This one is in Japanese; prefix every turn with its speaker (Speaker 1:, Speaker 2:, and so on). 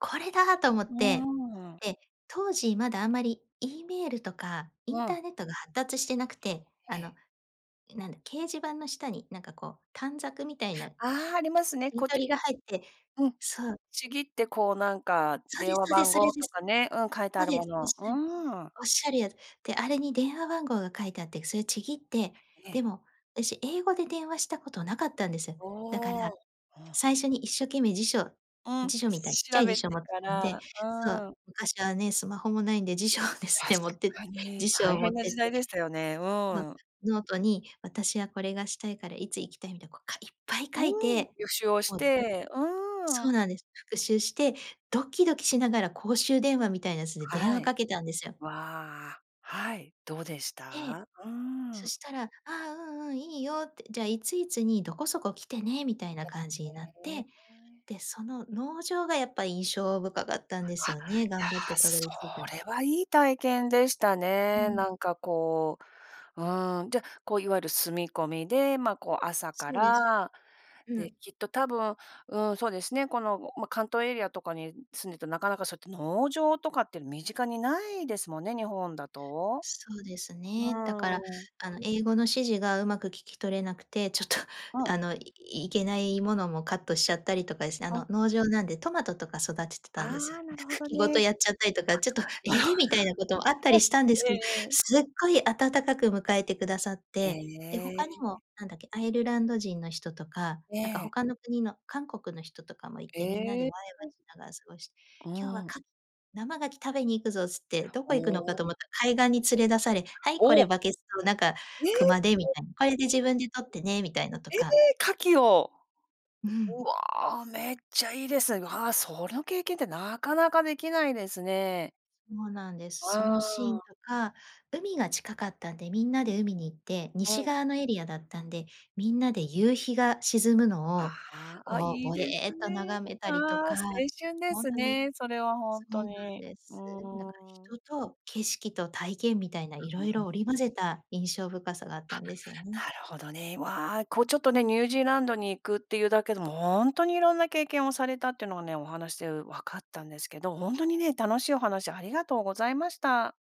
Speaker 1: 「これだ！」と思っ
Speaker 2: うー
Speaker 1: て、
Speaker 2: ん、うん。
Speaker 1: で、当時まだあんまり E メールとかイ
Speaker 2: う
Speaker 1: ンタ
Speaker 2: ん。
Speaker 1: ーネットが発達してなくて、
Speaker 2: へ
Speaker 1: あ
Speaker 2: え。
Speaker 1: の、なんだ、掲示板の下になんかこう短冊みたいな
Speaker 2: ああ、あります
Speaker 1: [unintelligible]
Speaker 2: ね、
Speaker 1: み
Speaker 2: こう、
Speaker 1: と
Speaker 2: て
Speaker 1: りが入って
Speaker 2: うん、
Speaker 1: そう。
Speaker 2: ちぎって、こう、なんか
Speaker 1: そうで
Speaker 2: 電
Speaker 1: す
Speaker 2: 話
Speaker 1: そうで
Speaker 2: 番
Speaker 1: す、それ
Speaker 2: 号
Speaker 1: で
Speaker 2: と
Speaker 1: す。
Speaker 2: かね、うん、書いて
Speaker 1: そ
Speaker 2: あ
Speaker 1: う
Speaker 2: る
Speaker 1: で
Speaker 2: も
Speaker 1: す、おっ
Speaker 2: の、
Speaker 1: しゃん
Speaker 2: うーん。
Speaker 1: おっしゃるやつ、で、あれに電話番号が書いてあって、それちぎって。
Speaker 2: え
Speaker 1: で
Speaker 2: え。
Speaker 1: も、あたし英語で電話したことなかったんです。だか
Speaker 2: お
Speaker 1: ら、
Speaker 2: お。うん。
Speaker 1: 最初に一生懸命辞書
Speaker 2: うん、
Speaker 1: 辞書みたいちっちゃ
Speaker 2: 調
Speaker 1: い辞
Speaker 2: べ
Speaker 1: 書
Speaker 2: て
Speaker 1: 持っ
Speaker 2: か
Speaker 1: たんで
Speaker 2: ら、う
Speaker 1: そ
Speaker 2: ー
Speaker 1: う、
Speaker 2: ん。
Speaker 1: 昔はね、スマホもないんで辞書をですね、持
Speaker 2: 確
Speaker 1: って
Speaker 2: かに、
Speaker 1: 辞書
Speaker 2: 大
Speaker 1: を持っ
Speaker 2: 変な
Speaker 1: てっ
Speaker 2: 時
Speaker 1: て
Speaker 2: 代でしたよね、う
Speaker 1: そう、
Speaker 2: ん。
Speaker 1: ノートに「私はこれがしたいから、いつ行きたい」みたい、こう、かいっぱい書い
Speaker 2: うーん、
Speaker 1: て、
Speaker 2: 予習をし
Speaker 1: もううん、
Speaker 2: て、うー
Speaker 1: そう
Speaker 2: ん。
Speaker 1: なんです、復習して、ドキドキしながら公衆電話みたいなやつで電
Speaker 2: は
Speaker 1: 話
Speaker 2: い。
Speaker 1: かけたんですよ。
Speaker 2: わあ、はい。どうでし
Speaker 1: ええ、
Speaker 2: た？うー
Speaker 1: そ
Speaker 2: ん。
Speaker 1: したら「ああ、うんうん、いいよ」って「じゃ、いついつに、どこそこ来てね」みたいな
Speaker 2: そ、
Speaker 1: 感じになっ
Speaker 2: え
Speaker 1: て、
Speaker 2: えええ。
Speaker 1: で、その農場がやっぱ印象深かったんです
Speaker 2: は、や、
Speaker 1: よね。頑張ってたどり着いた。
Speaker 2: それはいい体験でした
Speaker 1: う
Speaker 2: ね、
Speaker 1: ん。
Speaker 2: なんかこう、うーん。じゃ、こう、いわゆる住み込みで、まあ、こう朝か
Speaker 1: そうです。
Speaker 2: ら、
Speaker 1: う
Speaker 2: で、
Speaker 1: ん。
Speaker 2: きっと多分、うん、そうですね、この、ん、ま、関東エリアとかに、ん、住んでるとなかなかそやって農場とかって身近にないですもんね、日本だと。
Speaker 1: そうです
Speaker 2: う
Speaker 1: ね。だから、
Speaker 2: ーん。
Speaker 1: あの、英語の指示がうまく聞き取れなくて、ちょっと、
Speaker 2: うん。
Speaker 1: あの、いいけないものもカットしちゃったりとかすね、あ
Speaker 2: うん。
Speaker 1: の、農場なんでトマトとか育ててたん
Speaker 2: あ
Speaker 1: ですよ。
Speaker 2: あ、
Speaker 1: う
Speaker 2: なるほど
Speaker 1: 茎ごと
Speaker 2: ね。
Speaker 1: やっちゃったりとか、ちょっと
Speaker 2: あ、
Speaker 1: 「え
Speaker 2: なるほ
Speaker 1: え！」みたいなこともあった
Speaker 2: ど。
Speaker 1: り
Speaker 2: へ。
Speaker 1: したんですけ、
Speaker 2: ええええ。
Speaker 1: すっごい温かく迎えてくださっ
Speaker 2: へ
Speaker 1: て、で、他にも、
Speaker 2: え。
Speaker 1: なんだっけ、アイルランド人の人とか
Speaker 2: え
Speaker 1: なんか
Speaker 2: え。
Speaker 1: 他の国の、韓国の人とかもいて、みんな
Speaker 2: え
Speaker 1: で
Speaker 2: え、
Speaker 1: わいわい
Speaker 2: え。
Speaker 1: しながら過ごし
Speaker 2: う
Speaker 1: 「今日は、
Speaker 2: ん。
Speaker 1: か生牡蠣食べに行くぞ」つって、ど
Speaker 2: お
Speaker 1: こ行くのか
Speaker 2: お。
Speaker 1: と思った、海岸に連れ出され「はい、こ
Speaker 2: お
Speaker 1: れ、
Speaker 2: お！
Speaker 1: バケツと、なんか、
Speaker 2: ええ、
Speaker 1: 熊
Speaker 2: え、
Speaker 1: 手」みたいに「これで自分で採ってね」みたいのと
Speaker 2: え。ええ！
Speaker 1: か。
Speaker 2: 牡蠣を。
Speaker 1: う
Speaker 2: う
Speaker 1: ん。
Speaker 2: わ、めっちゃいいですが、はあ、その経験ってなかなかできないですね。
Speaker 1: もうなんで
Speaker 2: う
Speaker 1: す。そのシー
Speaker 2: ー
Speaker 1: ン
Speaker 2: ん。
Speaker 1: とか、海が近かったんで、みんなで海に行って、
Speaker 2: う
Speaker 1: 西
Speaker 2: ん。
Speaker 1: 側のエリアだったんで、みんなで夕日が沈む
Speaker 2: あ
Speaker 1: のを
Speaker 2: あ、あ、
Speaker 1: こう、
Speaker 2: いい
Speaker 1: ぼ
Speaker 2: です
Speaker 1: えっと
Speaker 2: ね。
Speaker 1: 眺めた
Speaker 2: ああ、
Speaker 1: りと
Speaker 2: 青
Speaker 1: か、
Speaker 2: 春で
Speaker 1: ほん
Speaker 2: す
Speaker 1: とに
Speaker 2: ね、それはほ
Speaker 1: そ
Speaker 2: んと
Speaker 1: うなん
Speaker 2: に、
Speaker 1: で
Speaker 2: う
Speaker 1: す。だから
Speaker 2: ーん。
Speaker 1: 人と景色と体験みたいな色
Speaker 2: なうん。
Speaker 1: 々織り交ぜた印象深さがあった
Speaker 2: は、
Speaker 1: んですよね。
Speaker 2: なるほどね、わ、こう、ちょっとね、ニュージーランドに行くっていうだけでもほんとに色んな経験をされたっていうのがね、お話で、うわかったんですけど、ほんとにね、楽しいお話ありがとうございました。